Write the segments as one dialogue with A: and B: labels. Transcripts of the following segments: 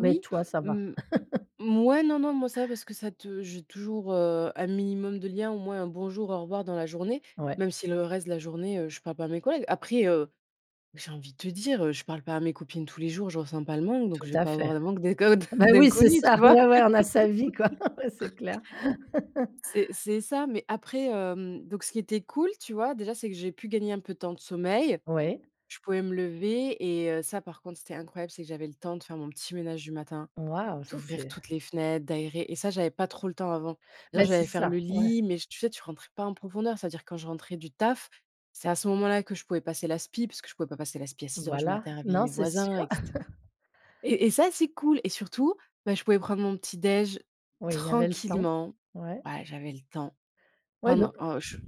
A: Mais, toi, ça va.
B: Mmh. Mouais, non, non, moi ça va, parce que ça te j'ai toujours, heu, un minimum de liens, au moins un bonjour, au revoir dans la journée,
A: Ouais.
B: même si le reste de la journée, heu, je parle pas à mes collègues. Après, heu, j'ai envie de te dire, heu, je parle pas à mes copines tous les jours, je ressens pas le manque, donc
A: Tout
B: je vais
A: à
B: pas
A: fait.
B: avoir le manque d'inco d
A: Beh, oui, c'est
B: d'inconnu, tu
A: ça,
B: vois?
A: ouais, ouais, on a sa vie, quoi, ouais, c'est clair.
B: C'est c'est ça, mais après, hem, donc ce qui était cool, tu vois, déjà, c'est que j'ai pu gagner un peu de temps de sommeil.
A: Ouais.
B: Je pouvais me lever et heu, ça, par contre, c'était incroyable, c'est que j'avais le temps de faire mon petit ménage du matin,
A: Waouh, ça
B: d'ouvrir
A: c'est
B: toutes les fenêtres, d'aérer. Et ça, j'avais pas trop le temps avant. Je veux dire,
A: Beh, c'est
B: j'allais faire
A: ça,
B: le
A: ouais.
B: lit, mais je tu sais, tu rentres pas en profondeur. C'est-à-dire quand je rentrais du taf, c'est à ce moment là que je pouvais passer l'aspi parce que je pouvais pas passer l'aspi à 6:00 du
A: Voilà,
B: matin, réveiller
A: non,
B: mes
A: c'est
B: voisins,
A: sûr.
B: et cetera. Et et ça, c'est cool. Et surtout, bah, je pouvais prendre mon petit déj,
A: Oui, il y avait le temps,
B: tranquillement.
A: ouais.
B: Bah, j'avais le temps. Oh
A: Ouais, donc
B: non, oh, je t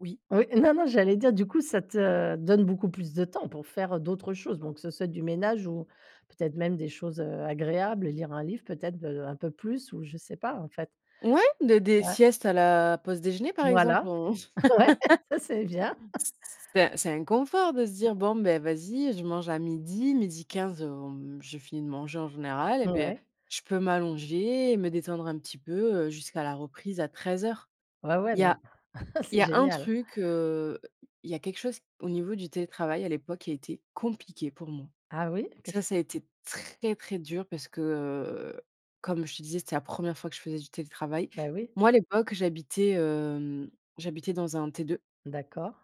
B: oui.
A: Oui. Non, non, j'allais dire du coup, ça te donne beaucoup plus de temps pour faire, heu, d'autres choses, donc que ce soit du ménage ou peut être même des choses, heu, agréables, lire un livre, peut être, heu, un peu plus ou je sais pas, en fait.
B: Ouais, des des
A: Ouais.
B: siestes à la pause déjeuner, par exemple,
A: Voilà,
B: on c
A: ouais, ça c'est bien.
B: c c'est un c'est un confort de se dire: «Bon, beh, vas-y, je mange à 12:00, 12:15, hem, j'ai fini de manger en général, et beh,
A: Ouais.
B: je peux m'allonger et me détendre un petit peu, heu, jusqu'à la reprise à 13:00».
A: Ouais, ouais,
B: Il y a
A: non,
B: il y
A: c'est
B: a un
A: génial.
B: truc, heu, il y a quelque chose au niveau du télétravail à l'époque qui a été compliqué pour moi.
A: Ah oui, qu'est ce
B: Ça,
A: que c
B: ça a été très, très dur parce que, heu, comme je te disais, c'était la 1re fois que je faisais du télétravail.
A: Beh, oui.
B: Moi, à l'époque, j'habitais, hem, j'habitais dans un T2.
A: D'accord.